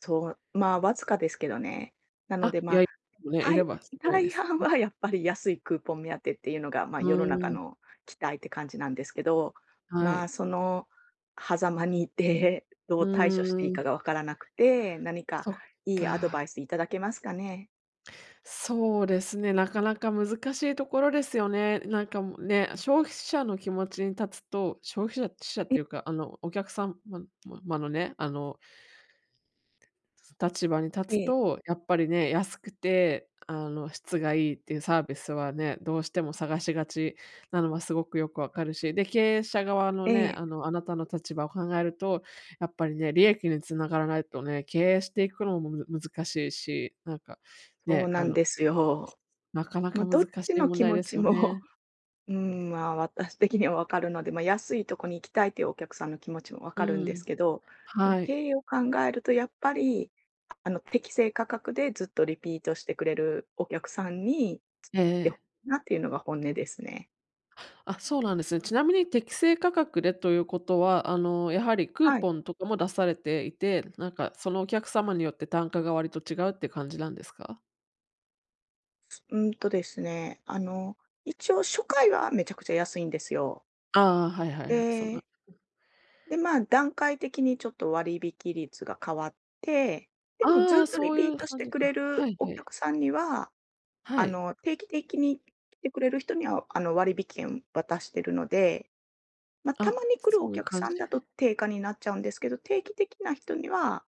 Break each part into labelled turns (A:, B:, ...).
A: そう、まあ、わずかですけどね。なの
B: あ、
A: で、
B: いや
A: ま、
B: いもね、い
A: た
B: れ
A: い
B: ばすごいで
A: 大
B: す。
A: 半
B: ん。
A: はやっぱり安いクーポン目当てっていうのが、ま、
B: ふ
A: 世の
B: ー
A: 中
B: ん。
A: の期待って感じなんですけど、
B: は
A: まあ、
B: い。
A: その狭間にいて、ど
B: う
A: う対処していい
B: ーん。
A: かがわからなくて、何か
B: そっ
A: いいアドバ
B: か。
A: イスいただけますかね？
B: そうですね、なかなか難しいところですよね。なんかも、ね、消費者の気持ちに立つと、消費者ひしゃっ
A: ん。
B: ていうか、あのお客さん、ももまのね、あの立場に
A: え
B: 立つ
A: え。
B: と、やっぱりね、安くて、あの、質がいいっていうサービスはね、どうしても探しがちなのはすごくよくわかるし、で、経営者側の
A: え
B: ね、
A: え。
B: あの、あなたの立場を考えると、やっぱりね、利益に繋がらないとね、経営していくのもむ難しいし、なんか
A: そう
B: ね、
A: な
B: あ
A: ん
B: の、
A: ですよ。
B: なかな
A: ま、
B: か難
A: どっ
B: し
A: ち
B: い
A: の
B: 問
A: 気
B: 題
A: 持
B: です
A: ち
B: よ
A: も、
B: ね。
A: うーん、ま、私的にはわかるので、ま、安いとこに行きたいというお客さんの気持ちもわ
B: う
A: かる
B: ん
A: ん
B: う
A: です
B: ん、
A: けど、でも
B: は
A: 経
B: い。
A: 営を考えるとやっぱり、あの、適正価格でずっとリピートしてくれるお客さんに
B: ええ
A: ずっ来て、ほ
B: ええ。
A: なっていうのが本音ですね。
B: あ、そうなんです。ちなみに適正価格でということは、あの、やはりクー
A: はい。
B: ポンとかも出されていて、なんかそのお客様によって単価が割と違うって感じなんですか？
A: うーんとですね、あの、一応、初回はめちゃくちゃ安いんですよ。
B: ああああ、はいは
A: え
B: いはい、そうな
A: え。で、まあ、段階的にちょっと割引率が変わって、でも
B: ああ、
A: ずっ
B: あ、
A: とリ
B: そうい
A: ピー
B: う
A: トし
B: 感
A: て
B: じ
A: くれ
B: か、は
A: る
B: い、
A: お
B: はい。
A: 客さんには
B: は
A: あ
B: い。
A: の、定期的に来てくれる人には、あの、割引券渡してるので、ま、た
B: あ、
A: まに来る
B: そ
A: お
B: ういう
A: 客
B: 感
A: さ
B: じ
A: んだと定価になっちゃうんですけど、定期的な人には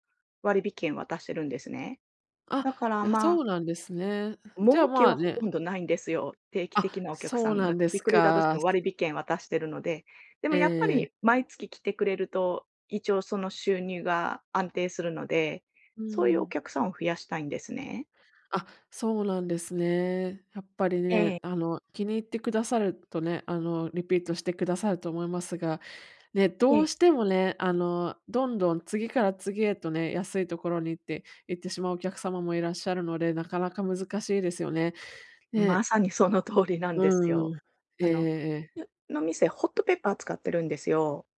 A: 割引券渡してるんですね。
B: あ、
A: だから、
B: や、
A: ま
B: そ
A: あ
B: うなんですね。じゃ
A: 儲
B: あ、
A: け
B: まあ、
A: はほと
B: ね
A: んどないんですよ、定期
B: あ！
A: 的なお客さ
B: そう
A: ん
B: な
A: が
B: ん
A: 来
B: で
A: て
B: す
A: くれたとして
B: か。
A: も、割引券渡してるので。でも
B: え
A: やっぱ
B: えええ。
A: り毎月来てくれると、一応その、収入が安定するので、
B: うー
A: そういうお
B: ん。
A: 客さんを増やしたいんですね。
B: あ、そうなんですね。やっぱりね、
A: ええ。
B: あの、気に入ってくださるとね、あの、リピートしてくださると思いますが、ね、
A: え
B: ど
A: え。
B: うしてもね、あの、どんどん次から次へとね、安いところに行って行ってしまうお客様もいらっしゃるので、なかなか難しいですよね、え
A: ま
B: え。
A: さにその通りなん
B: う
A: です
B: んうん。
A: よ。
B: え
A: あ
B: ええ
A: の、
B: えええ。
A: よの、店ホットペッパー使ってるんですよ。